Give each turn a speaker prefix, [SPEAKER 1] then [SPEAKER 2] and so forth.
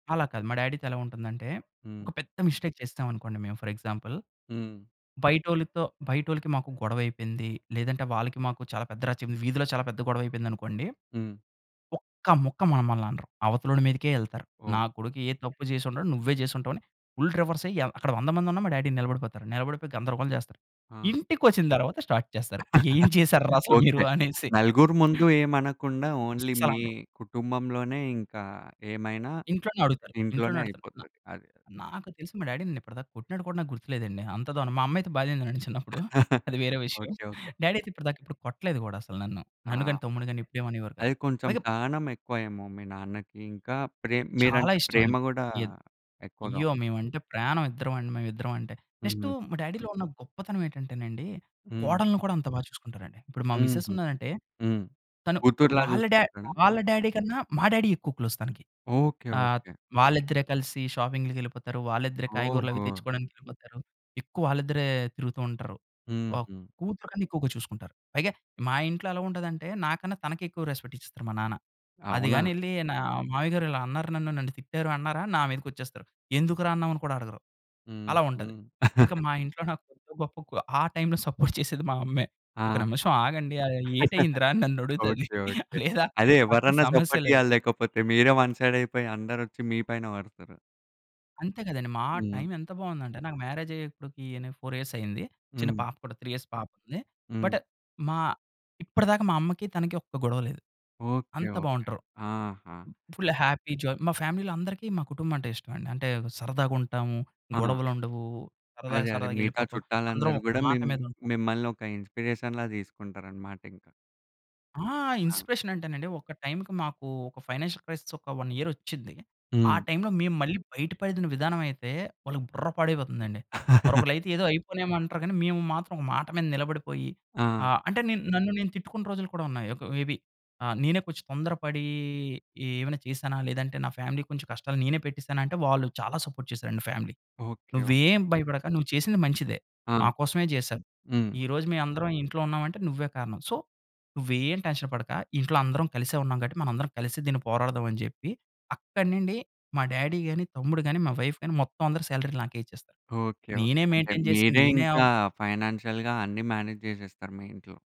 [SPEAKER 1] అలా కాదు. మా డ్యాడీతో ఎలా ఉంటుందంటే, ఒక
[SPEAKER 2] హ్మ్.
[SPEAKER 1] పెద్ద మిస్టేక్ చేసేసామనుకోండి మేము, ఫర్ ఎగ్జాంపుల్.
[SPEAKER 2] హ్మ్.
[SPEAKER 1] బయటోళ్ళితో బయటోళ్ళకి మాకు గొడవయిపోయింది. లేదంటే వాళ్ళకి మాకు చాలా పెద్ద రచ్చ మ్ వీధిలో చాలా పెద్ద గొడవయిపోయిందనుకోండి.
[SPEAKER 2] హ్మ్.
[SPEAKER 1] ఒక్క ముక్క మమ్మలననరు. అవతలోడి మీదకే యెళ్తారు.
[SPEAKER 2] ఓహ్!
[SPEAKER 1] నా కొడుకు ఏ తప్పు జేసుండడు. నువ్వే చేసుంటావని, ఫుల్ రివర్స్ అయి య అక్కడ 100 మందున్నా, మా డ్యాడీ నిలబడిపోతారు. నిలబడిపోయి గందరగోళం చేస్తారు.
[SPEAKER 2] ఆ!
[SPEAKER 1] ఇంటికొచ్చిన తర్వాత స్టార్ట్ చేస్తారు. "ఏం చేశార్రా అసలు మీరు"
[SPEAKER 2] ఓకే.
[SPEAKER 1] అనేసి.
[SPEAKER 2] నలుగురు ముందు ఏమనకుండా ఓన్లీ మీ
[SPEAKER 1] అస్సలనరు.
[SPEAKER 2] కుటుంబంలోనే ఇంకా ఏమైనా
[SPEAKER 1] ఇంట్లోనే అడుగుతారు.
[SPEAKER 2] ఇంట్లోనే
[SPEAKER 1] ఇంట్లోనే అడుగుతారు. న
[SPEAKER 2] అయిపోతది. అది.
[SPEAKER 1] నాకు తెలిసి మా డ్యాడీని నేనిప్పటిదాకా కొట్టినాట్టు గూడా నాకు గుర్తులేదండి. అంత దారుణం. మా అమ్మయితే బాధిందిలేండి చిన్నప్పుడు, అది వేరే విషయం.
[SPEAKER 2] ఓకే. ఓకే.
[SPEAKER 1] డ్యాడీ అయితే ఇప్పటిదాకా ఏపుడు కొట్టలేదు గూడా అసలు నన్ను. నన్ను
[SPEAKER 2] ఆహా!
[SPEAKER 1] గానీ తమ్ముడ్ని గానీ ఎప్పుడేమనేవారు కాదు.
[SPEAKER 2] అది కొంచెం
[SPEAKER 1] పైగా
[SPEAKER 2] సహనం ఎక్కువ ఏమో మీ నాన్నకి. ఇంకా ప్రే
[SPEAKER 1] చాలా
[SPEAKER 2] మీరంటే ప్రేమ
[SPEAKER 1] ఇష్ట‌మండి.
[SPEAKER 2] గూడా
[SPEAKER 1] ఏద్
[SPEAKER 2] ఎక్కువగా
[SPEAKER 1] అయ్యో! మేవంటే ప్రాణం, ఇద్దరవండి మేవిద్దరమంటే. నెక్స్టు
[SPEAKER 2] హ్మ్.
[SPEAKER 1] మా డ్యాడీలో ఉన్న గొప్పతనం ఏటంటే‌నండి,
[SPEAKER 2] హ్మ్.
[SPEAKER 1] కోడలుని కూడా అంత బా చూసుకుంటారండి. ఇప్పుడు మా
[SPEAKER 2] హుహు.
[SPEAKER 1] మిసెసున్నారంటే
[SPEAKER 2] హ్మ్.
[SPEAKER 1] తను
[SPEAKER 2] కూతు‌రులా
[SPEAKER 1] వాళ్ళ డ్యా
[SPEAKER 2] జూసుకుంటారా?
[SPEAKER 1] వాళ్ళ డ్యాడీ కన్నా మా డ్యాడీ ఎక్కువ క్లోజ్ తనకి.
[SPEAKER 2] ఓకే.
[SPEAKER 1] ఆహ్,
[SPEAKER 2] ఓకే.
[SPEAKER 1] వాళ్ళిద్దరే కలిసి షాపింగులకెళ్ళిపోతారు. వాళ్ళిద్దరే కాయగూరలవి
[SPEAKER 2] ఓహో!
[SPEAKER 1] తెచ్చుకోడానికెళ్ళిపోతారు. ఎక్కువ ఆళ్ళిద్దరే తిరుగుతూ ఉంటారు. వావ్!
[SPEAKER 2] హుహు.
[SPEAKER 1] కూతురు కన్నా ఎక్కువగా చూసుకుంటారు. పైగా మా ఇంట్లో ఎలా ఉంటదంటే నాకన్నా తనకే ఎక్కువ రెస్పెక్టిచ్చేస్తరు మా నాన్న. అది
[SPEAKER 2] అవునా?
[SPEAKER 1] గాని ఎళ్లి నా "మావయ్యగారు ఇలా అన్నారు నన్ను, నన్ను తిట్టారు" అన్నారా నా మీదకొచ్చేస్తారు. ఎందుకురా అన్నావని కూడా అడగరు. అలా ఉంటది.
[SPEAKER 2] హుహు.
[SPEAKER 1] ఇంక మా ఇంట్లో నాకు కొద్దో గొప్పోకు, ఆ టైమ్‌లో సపోర్ట్ చేసేది మా అమ్మే. "ఒక
[SPEAKER 2] ఆహా!
[SPEAKER 1] నిమిషం ఆగండి. అరెయి ఏటయిందిరా?" అని నన్నడుగుతది
[SPEAKER 2] ఓకే. ఓకే.
[SPEAKER 1] లేదా
[SPEAKER 2] అదే
[SPEAKER 1] అక్కడ
[SPEAKER 2] ఎవరన్నా
[SPEAKER 1] సమస్య
[SPEAKER 2] సపోర్ట్
[SPEAKER 1] లేవు.
[SPEAKER 2] ఇయ్యాలి. లేకపోతే మీరే వన్ సైడయిపోయి అందరొచ్చి మీ పైన బడుతరు.
[SPEAKER 1] అంతే గదండీ. మా
[SPEAKER 2] హ్మ్.
[SPEAKER 1] టైము ఎంత బావుందంటే, నాకు మ్యారేజయ్యి ఇప్పడికి నేను 4 ఇయర్స్ అయ్యింది. చిన్న
[SPEAKER 2] హ్మ్.
[SPEAKER 1] పాప కూడా 3 ఇయర్స్ పాపుంది.
[SPEAKER 2] హ్మ్.
[SPEAKER 1] బట్ మా ఇప్పడిదాకా మా అమ్మకి, తనకి ఒక్క గొడవ లేదు.
[SPEAKER 2] ఓకే.
[SPEAKER 1] అంత
[SPEAKER 2] ఓకే.
[SPEAKER 1] బావుంటరు.
[SPEAKER 2] ఆహా!
[SPEAKER 1] Full happy joy. మా ఫ్యామిలీ‌లో అందరికి మా కుటుంబమంటే ఇష్టం అండి. అంటే సరదాగుంటాము.
[SPEAKER 2] ఆ!
[SPEAKER 1] గొడవలుండవు. సరదాగా
[SPEAKER 2] అదే. అదే. మిగతా
[SPEAKER 1] సరదాగెళ్ళిపోతాం. అందరం
[SPEAKER 2] చుట్టాలందరూ
[SPEAKER 1] ఒక
[SPEAKER 2] గూడా
[SPEAKER 1] మాట
[SPEAKER 2] మిమ్
[SPEAKER 1] మీదుంటాం.
[SPEAKER 2] మిమ్మల్ని ఒక ఇన్‌స్పి‌రేషన్‌లాగా తీసుకుంటారనమాటింక.
[SPEAKER 1] ఆ!
[SPEAKER 2] ఆ!
[SPEAKER 1] ఇన్‌స్పిరేషనంటేనండి, ఒక టైముకి మాకు ఒక ఫైనాన్షియల్ క్రైసిస్ ఒక 1 ఇయరొచ్చింది. ఆ
[SPEAKER 2] హ్మ్.
[SPEAKER 1] టై‌ములో, మేము మళ్ళీ బయటపడిన విధానమైతే వాళ్ళకి బుర్ర పాడైపోతుందండి. మరొకళ్ళైయితే ఏదో అయిపోనేమో అంటారు గానీ మేము మాత్రం మాట మీద నిలబడిపోయి, ఆ!
[SPEAKER 2] ఆ!
[SPEAKER 1] అంటే నేను నన్ను నేను తిట్టుకున్న రోజులు కూడా ఉన్నాయి. ఒక మేబి ఆ! నేనే కొంచెం తొందరపడీ ఏవైనా చేశానా లేదంటే నా ఫ్యామిలీకి కొంచెం కష్టాలు నేనే పెట్టేసాన అంటే వాళ్ళు చాలా సపోర్ట్ చేసారండి ఫ్యామిలీ.
[SPEAKER 2] ఓకే. ఓకే.
[SPEAKER 1] "నువ్వేం భయపడక నువ్వు చేసింది మంచిదే,
[SPEAKER 2] ఆ!
[SPEAKER 1] మా కోసమే చేశావు.
[SPEAKER 2] హ్మ్.
[SPEAKER 1] ఈరోజు మేయందరం ఈ ఇంట్లో ఉన్నామంటే నువ్వే కారణం. సో నువ్వేం టెన్షన్ పడక ఇంట్లో అందరం కలిసే ఉన్నాం కాబట్టి మనం అందరం కలిసి దీన్ని పోరాడదామని" చెప్పి అక్కడి నుండి మా డ్యాడీ గానీ, తమ్ముడు గానీ, మా వైఫ్ గానీ మొత్తం అందరూ సాలరీలు నాకే ఇచ్చేస్తారు.
[SPEAKER 2] ఓకే.
[SPEAKER 1] నేనే
[SPEAKER 2] ఓకే. అంటే
[SPEAKER 1] మెయిన్‌టైన్ చేసి
[SPEAKER 2] మీరే
[SPEAKER 1] నేనే
[SPEAKER 2] ఇంకా
[SPEAKER 1] అవ్
[SPEAKER 2] ఫైనాన్షియల్‌గా అన్నీ మేనేజ్ జేసేస్తారు మీ ఇంట్లో.